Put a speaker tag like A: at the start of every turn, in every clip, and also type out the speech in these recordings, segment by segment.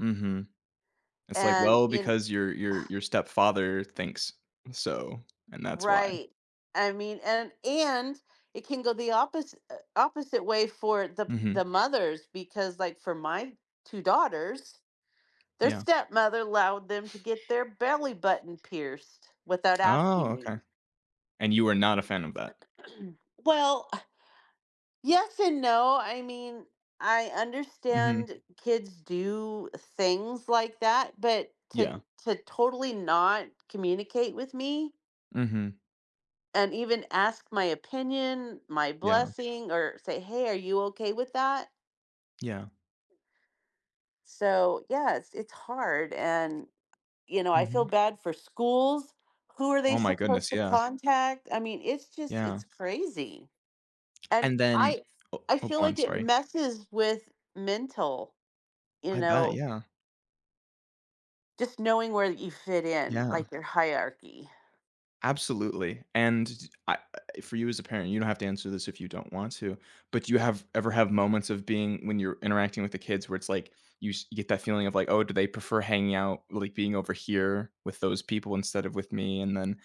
A: Mhm, it's, like,
B: And
A: "Well,
B: you kn
A: because your your your stepfather thinks so, and that's why."
B: Right. I mean, and and it can go the opposi eh, opposite way for the the
A: Mhm.
B: mothers, because, like, for my 2 daughters, their
A: Yeah.
B: stepmother allowed them to get their belly button pierced without
A: Oh,
B: asking
A: okay.
B: me.
A: And you were not a fan of that.
B: Well, ah yes and no, I mean, I
A: Mhm.
B: understand kids do things like that, but,
A: Yeah.
B: to to totally not communicate with me
A: Mhm.
B: and even ask my opinion, my
A: Yeah.
B: blessing, or say, "Hey, are you okay with that?"
A: Yeah.
B: So, yeah, it's it's hard and, you know, I feel
A: Mhm.
B: bad for schools, who are they
A: Oh, my
B: supposed
A: goodness,
B: to
A: yeah.
B: contact? I mean, it's just it's
A: Yeah.
B: crazy. And
A: And then,
B: I
A: o
B: I
A: oh,
B: feel
A: go on,
B: like it
A: sorry.
B: messes with mental, you
A: I bet,
B: know
A: yeah.
B: Just knowing where you fit in,
A: Yeah.
B: like, their hierarchy.
A: Absolutely, and di I I for you as a parent- you don't have to answer this if you don't want to- but, do you have ever have moments of being when you're interacting with the kids where it's, like, you sh you get that feeling of, like, "Oh, do they prefer hanging out like, being over here with those people instead of with me?" and then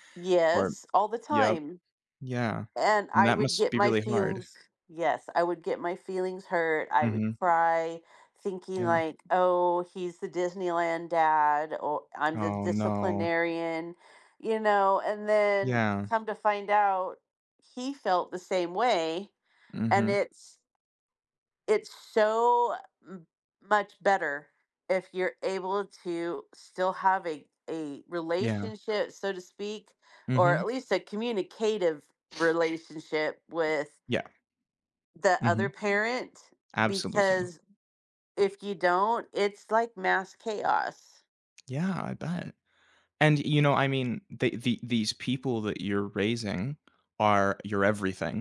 A: or
B: Yes, all the
A: Yep,
B: time.
A: yeah,
B: And
A: and
B: I
A: that
B: would
A: must
B: get
A: be
B: my
A: really hard.
B: feelings Yes, I would get my feelings hurt, I would
A: Mhm.
B: cry, thinking,
A: Yeah.
B: like, "Oh, he's the Disneyland dad. O I'm the
A: Oh, no.
B: disciplinarian," you know? And then
A: Yeah.
B: come to find out, he felt the same way, and
A: Mhm.
B: it's it's so m much better if you're able to still have a a
A: Yeah.
B: relationship, so to speak, or at
A: Mhm.
B: least a communicative relationship with
A: Yeah.
B: the other
A: Mhm.
B: parent,
A: Absolutely.
B: because if you don't, it's like mass chaos.
A: Yeah, I bet. And you know, I mean, they the these people that you're raising are your everything.